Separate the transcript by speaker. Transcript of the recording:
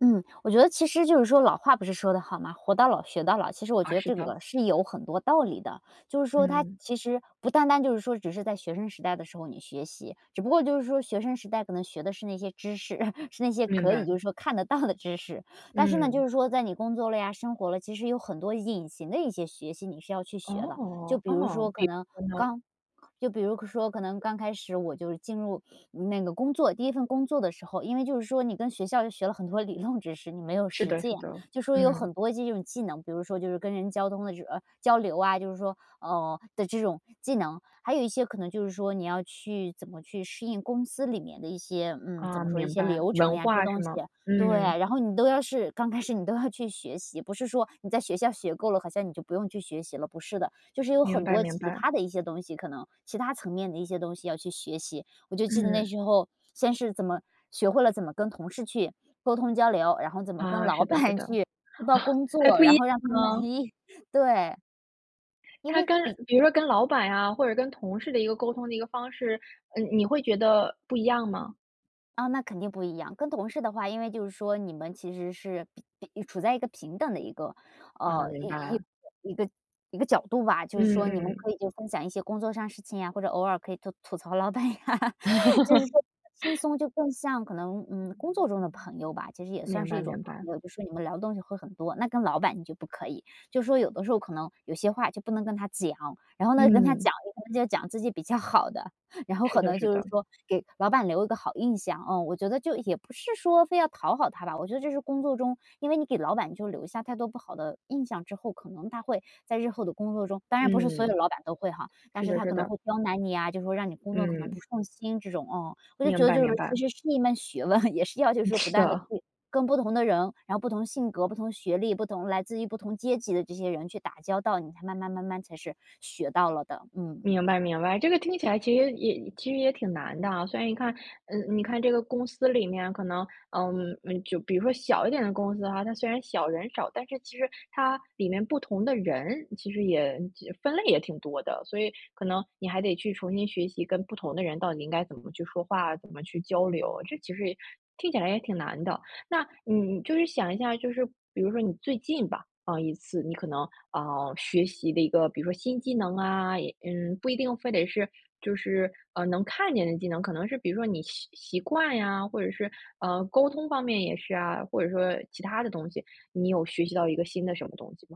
Speaker 1: 嗯，我觉得其实就是说老话不是说得好吗？活到老学到老，其实我
Speaker 2: 啊，
Speaker 1: 觉得
Speaker 2: 是
Speaker 1: 这
Speaker 2: 的。
Speaker 1: 个是有很多道理的。就是说它
Speaker 2: 嗯。
Speaker 1: 其实不单单就是说只是在学生时代的时候你学习，只不过就是说学生时代可能学的是那些知识，是那些
Speaker 2: 明
Speaker 1: 可以
Speaker 2: 白。
Speaker 1: 就是说看得到的知识。但是呢，就
Speaker 2: 嗯。
Speaker 1: 是说在你工作了呀，生活了，其实有很多隐形的一些学习你是要去学的。就
Speaker 2: 哦，
Speaker 1: 比如
Speaker 2: 哦，
Speaker 1: 说，可
Speaker 2: 比
Speaker 1: 能
Speaker 2: 嗯。
Speaker 1: 刚就比如说可能刚开始我就进入那个工作，第1份工作的时候，因为就是说你跟学校学了很多理论知识，你没有
Speaker 2: 是
Speaker 1: 实
Speaker 2: 的是
Speaker 1: 践。
Speaker 2: 的，
Speaker 1: 就说有
Speaker 2: 嗯。
Speaker 1: 很多这种技能，比如说就是跟人交通的时啊，交流啊，就是说哦，的这种技能。还有一些可能就是说你要去怎么去适应公司里面的一些，嗯，怎
Speaker 2: 哦，
Speaker 1: 么说，一
Speaker 2: 明
Speaker 1: 些
Speaker 2: 白，
Speaker 1: 流程
Speaker 2: 文
Speaker 1: 呀，这些
Speaker 2: 化是
Speaker 1: 东西。
Speaker 2: 吗？
Speaker 1: 对，
Speaker 2: 嗯。
Speaker 1: 然后你都要是刚开始你都要去学习，不是说你在学校学够了，好像你就不用去学习了，不是的。就是有
Speaker 2: 明
Speaker 1: 很
Speaker 2: 白
Speaker 1: 多
Speaker 2: 明
Speaker 1: 其
Speaker 2: 白。
Speaker 1: 他的一些东西，可能。其他层面的一些东西要去学习。我就记得那
Speaker 2: 嗯。
Speaker 1: 时候先是怎么学会了怎么跟同事去沟通交流，然后怎么跟
Speaker 2: 啊，是
Speaker 1: 老
Speaker 2: 的是
Speaker 1: 板
Speaker 2: 的。
Speaker 1: 去汇报工
Speaker 2: 还
Speaker 1: 作，
Speaker 2: 不一
Speaker 1: 然
Speaker 2: 样
Speaker 1: 后让他们
Speaker 2: 吗？
Speaker 1: 咦，对。因
Speaker 2: 它
Speaker 1: 为
Speaker 2: 跟
Speaker 1: 你
Speaker 2: 比如说跟老板啊，或者跟同事的一个沟通的一个方式，呃，你会觉得不一样吗？
Speaker 1: 哦，那肯定不一样。跟同事的话，因为就是说你们其实是比处在一个平等的一个，
Speaker 2: 哦，
Speaker 1: 呃，
Speaker 2: 明
Speaker 1: 一
Speaker 2: 白。
Speaker 1: 一一个一个角度吧。就是
Speaker 2: 嗯
Speaker 1: 说你们
Speaker 2: 嗯。
Speaker 1: 可以分享一些工作上的事情啊，或者偶尔可以做吐槽老板啊。就是说轻 松就更像可能，嗯，工作中的朋友吧，其实也算
Speaker 2: 明
Speaker 1: 是
Speaker 2: 白
Speaker 1: 一种
Speaker 2: 明白。
Speaker 1: 朋友，就是你们聊的东西会很多，那跟老板就不可以。就说有的时候可能有些话就不能跟他讲，然后呢跟他
Speaker 2: 嗯。
Speaker 1: 讲就讲自己比较好的，然后
Speaker 2: 是
Speaker 1: 可
Speaker 2: 的
Speaker 1: 能
Speaker 2: 是
Speaker 1: 就是
Speaker 2: 的。
Speaker 1: 说给老板留一个好印象。哦，我觉得就也不是说非要讨好他吧，我觉得这是工作中因为你给老板你就留下太多不好的印象之后，可能他会在日后的工作中当然不是所有
Speaker 2: 嗯。
Speaker 1: 老板都会哈，但
Speaker 2: 是
Speaker 1: 是
Speaker 2: 的
Speaker 1: 他
Speaker 2: 是
Speaker 1: 可能
Speaker 2: 的。
Speaker 1: 会刁难你啊，就会让你工作可能不
Speaker 2: 嗯。
Speaker 1: 顺心这种哦。我就觉
Speaker 2: 明
Speaker 1: 得
Speaker 2: 白
Speaker 1: 就是
Speaker 2: 明
Speaker 1: 其
Speaker 2: 白。
Speaker 1: 实是一门学问，也是要去
Speaker 2: 嗯
Speaker 1: 说不
Speaker 2: 是
Speaker 1: 断地
Speaker 2: 的。
Speaker 1: 去跟不同的人，然后不同性格，不同学历，不同来自于不同阶级的这些人去打交道，你才慢慢慢慢才是学到了的，嗯。
Speaker 2: 明白明白，这个听起来其实也其实也挺难的啊，所以你看嗯你看这个公司里面可能呃，就比如说小一点的公司啊，它虽然小人少，但是其实它里面不同的人其实也分类也挺多的。所以可能你还得去重新学习，跟不同的人到底应该怎么去说话，怎么去交流，这其实也听起来也挺难的。那你就是想一下，就是比如说你最近吧，啊，一次你可能，啊，学习的一个比如说新技能啊嗯，不一定非得是就是，呃，能看见的技能，可能是比如说你习习惯呀，或者是，嗯，沟通方面也是啊，或者说其他的东西，你有学习到一个新的什么东西吗？